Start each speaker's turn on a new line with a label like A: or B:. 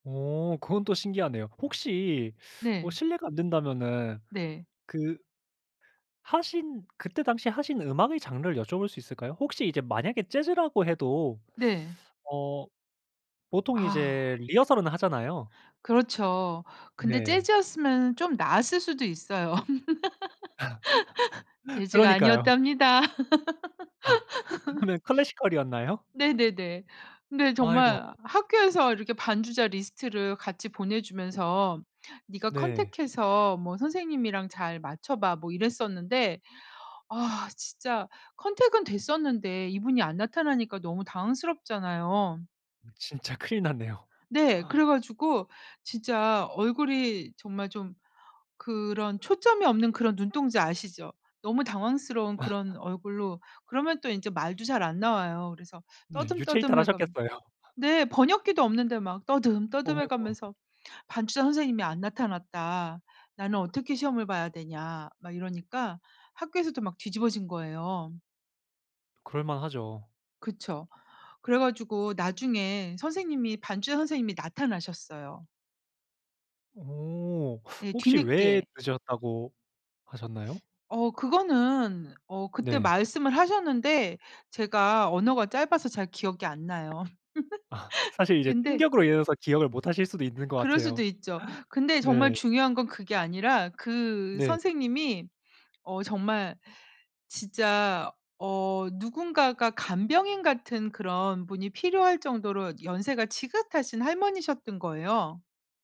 A: 어 그건 또 신기하네요. 혹시 어
B: 네.
A: 실례가 안 된다면은
B: 네.
A: 그 하신 그때 당시에 하신 음악의 장르를 여쭤볼 수 있을까요? 혹시 이제 만약에 재즈라고 해도
B: 네.
A: 어 보통
B: 아.
A: 이제 리허설은 하잖아요.
B: 그렇죠. 근데
A: 네.
B: 재즈였으면은 좀 나았을 수도 있어요. 재즈가
A: 그러니까요.
B: 아니었답니다.
A: 아. 그러면 classical이었나요?
B: 네네네. 근데
A: 아이고.
B: 정말 학교에서 이렇게 반주자 리스트를 같이 보내주면서 "네가
A: 네.
B: 컨택 해서 뭐 선생님이랑 잘 맞춰봐." 뭐 이랬었는데 아 진짜 컨택은 됐었는데 이분이 안 나타나니까 너무 당황스럽잖아요.
A: 진짜 큰일 났네요.
B: 네. 그래 가지고 진짜 얼굴이 정말 좀 그런 초점이 없는 그런 눈동자 아시죠? 너무 당황스러운 그런 얼굴로 그러면 또 인제 말도 잘 안 나와요. 그래서
A: 네. 유체이탈
B: 떠듬떠듬해가
A: 하셨겠어요.
B: 네. 번역기도 없는데 막
A: 어
B: 떠듬떠듬해
A: 아이고 아고.
B: 가면서 "반주자 선생님이 안 나타났다. 나는 어떻게 시험을 봐야 되냐." 막 이러니까 학교에서도 막 뒤집어진 거예요.
A: 그럴만 하죠.
B: 그쵸. 그래 가지고 나중에 선생님이 반주자 선생님이 나타나셨어요.
A: 어.
B: 예
A: 혹시 왜
B: 뒤늦게.
A: 늦었다고 하셨나요?
B: 어 그거는 어 그때
A: 네.
B: 말씀을 하셨는데 제가 언어가 짧아서 잘 기억이 안 나요.
A: 아. 사실 이제
B: 근데
A: 충격으로 인해서 기억을 못 하실 수도 있는 것
B: 그럴 수도
A: 같아요.
B: 있죠. 근데 정말
A: 네.
B: 중요한 건 그게 아니라 그
A: 네.
B: 선생님이 어 정말 진짜 어 누군가가 간병인 같은 그런 분이 필요할 정도로 연세가 지긋하신 할머니셨던 거예요.